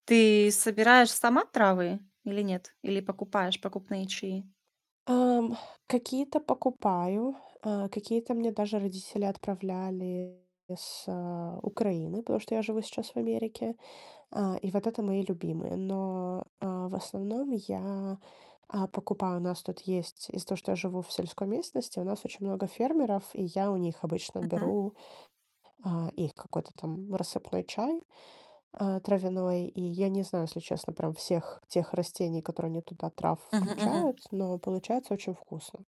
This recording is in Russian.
Ты собираешь сама травы или нет? Или покупаешь покупные чаи? Ам, какие-то покупаю, э, какие-то мне даже родители отправляли с, э, Украины, потому что я живу сейчас в Америке. А, и вот это мои любимые. Но, э, в основном я, а, покупаю. У нас тут есть из-за того, что я живу в сельской местности, у нас очень много фермеров, и я у них обычно Мгм. беру, а, их какой-то там рассыпной чай, э, травяной. И я не знаю, если честно, прям всех тех растений, которые они туда трав Мгм, мгм. включают, но получается очень вкусно.